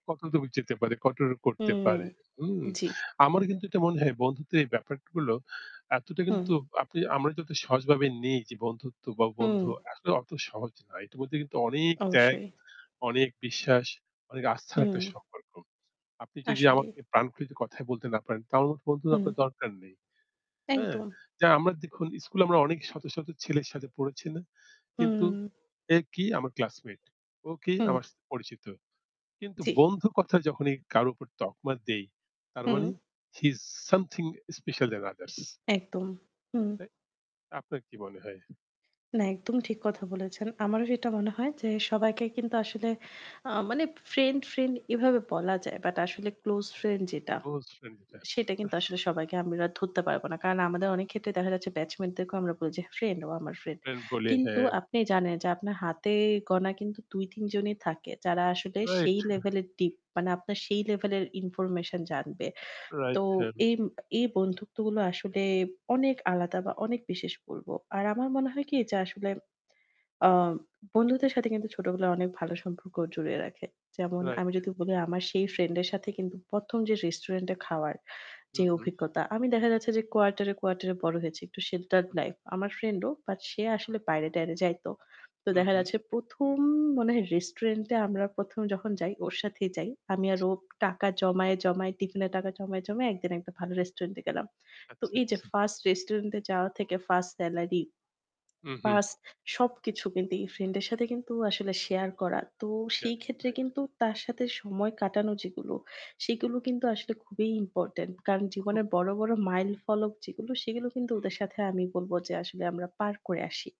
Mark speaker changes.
Speaker 1: কত দূর যেতে পারে, কত
Speaker 2: হু।
Speaker 1: করতে পারে। হুম?
Speaker 2: জি।
Speaker 1: আমার কিন্তু এটা মনে হয় বন্ধুত্বের ব্যাপারগুলো এতটা
Speaker 2: হুম।
Speaker 1: কিন্তু আপনি আমরা যত সহজভাবে নেই যে বন্ধুত্ব বা
Speaker 2: হুম।
Speaker 1: বন্ধু আসলে অত সহজ না। এটার মধ্যে কিন্তু অনেক ত্যাগ,
Speaker 2: অবশ্যই।
Speaker 1: অনেক বিশ্বাস, অনেক আস্থার একটা
Speaker 2: হুম।
Speaker 1: সম্পর্ক। আপনি যদি
Speaker 2: আসলেই।
Speaker 1: আমাকে প্রাণ খুলে যদি কথায় বলতে না পারেন তাহলে আমার বন্ধু
Speaker 2: হুম।
Speaker 1: আপনার দরকার নেই। হ্যাঁ?
Speaker 2: একদম।
Speaker 1: যা আমরা দেখুন স্কুলে আমরা অনেক শত, শত ছেলের সাথে পড়েছি না? কিন্তু
Speaker 2: হুম।
Speaker 1: এ কি? আমার ক্লাসমেট। ও কি?
Speaker 2: হুম।
Speaker 1: আমার সাথে পরিচিত। কিন্তু
Speaker 2: জ্বি।
Speaker 1: বন্ধু কথা যখনই কারো উপর তকমা দেই, তার
Speaker 2: হুম।
Speaker 1: মানে he is something special then others.
Speaker 2: একদম। হুম।
Speaker 1: তাই আপনার কি মনে হয়?
Speaker 2: না, একদম ঠিক কথা বলেছেন। আমারও সেটা মনে হয় যে সবাইকে কিন্তু আসলে আ মানে ফ্রেন্ড ফ্রেন্ড এভাবে বলা যায়। বাট আসলে close friend যেটা,
Speaker 1: অবশ্যই সেটা। আ
Speaker 2: সেটা কিন্তু আসলে সবাইকে আমরা ধরতে পারবো না। কারণ আমাদের অনেকক্ষেত্রে দেখা যাচ্ছে batchmate দেরকেও আমরা বলি যে ফ্রেন্ড "ও আমার ফ্রেন্ড।"
Speaker 1: এন বলে।
Speaker 2: কিন্তু
Speaker 1: হ্যাঁ।
Speaker 2: আপনি জানেন যে আপনার হাতে গোনা কিন্তু ২, ৩ জনই থাকে। যারা আসলে
Speaker 1: রাইট।
Speaker 2: সেই লেভেলের deep মানে আপনার সেই লেভেলের information জানবে। তো
Speaker 1: রাইট। হেম
Speaker 2: এই এই বন্ধুত্বগুলো আসলে অনেক আলাদা বা অনেক বিশেষ বলবো। আর আমার মনে হয় কি? যে আসলে আ বন্ধুদের সাথে কিন্তু ছোটবেলায় অনেক ভালো সম্পর্ক জুড়িয়ে রাখে। যেমন আমি
Speaker 1: রাইট।
Speaker 2: যদি বলি আমার সেই ফ্রেন্ডের সাথে কিন্তু প্রথম যে রেস্টুরেন্টে খাওয়ার
Speaker 1: হু,
Speaker 2: যে
Speaker 1: হু।
Speaker 2: অভিজ্ঞতা আমি দেখা যাচ্ছে যে কোয়ার্টারে quarter এ বড় হয়েছি। একটু sheltered
Speaker 1: হু, হু।
Speaker 2: life। আমার ফ্রেন্ড ও। বাট সে আসলে বাইরে-টাইরে যাইতো। তো
Speaker 1: হু,
Speaker 2: দেখা
Speaker 1: হু।
Speaker 2: যাচ্ছে ১ম মনে হয় রেস্টুরেন্টে আমরা ১ম যখন যাই ওর সাথেই যাই। আমি আর
Speaker 1: আচ্ছা।
Speaker 2: ও টাকা জমায়ে, জমায়ে টিফিনের টাকা জমায়ে, জমায়ে একদিন একটা ভালো রেস্টুরেন্টে গেলাম। তো
Speaker 1: আচ্ছা,
Speaker 2: এইযে
Speaker 1: আচ্ছা।
Speaker 2: 1st রেস্টুরেন্টে যাওয়া থেকে 1st সেলারি
Speaker 1: হু, হু।
Speaker 2: 1st সবকিছু কিন্তু এই ফ্রেন্ডের সাথে কিন্তু আসলে শেয়ার করা। তো
Speaker 1: যা
Speaker 2: সেইক্ষেত্রে
Speaker 1: রাইট।
Speaker 2: কিন্তু তার সাথে সময় কাটানো যেগুলো সেগুলো কিন্তু আসলে খুবই ইম্পোর্টেন্ট। কারণ
Speaker 1: উহু।
Speaker 2: জীবনের বড়, বড় মাইলফলক যেগুলো সেগুলো কিন্তু
Speaker 1: হু,
Speaker 2: ওদের
Speaker 1: হু।
Speaker 2: সাথে আমি বলবো যে আসলে আমরা পার করে আসি।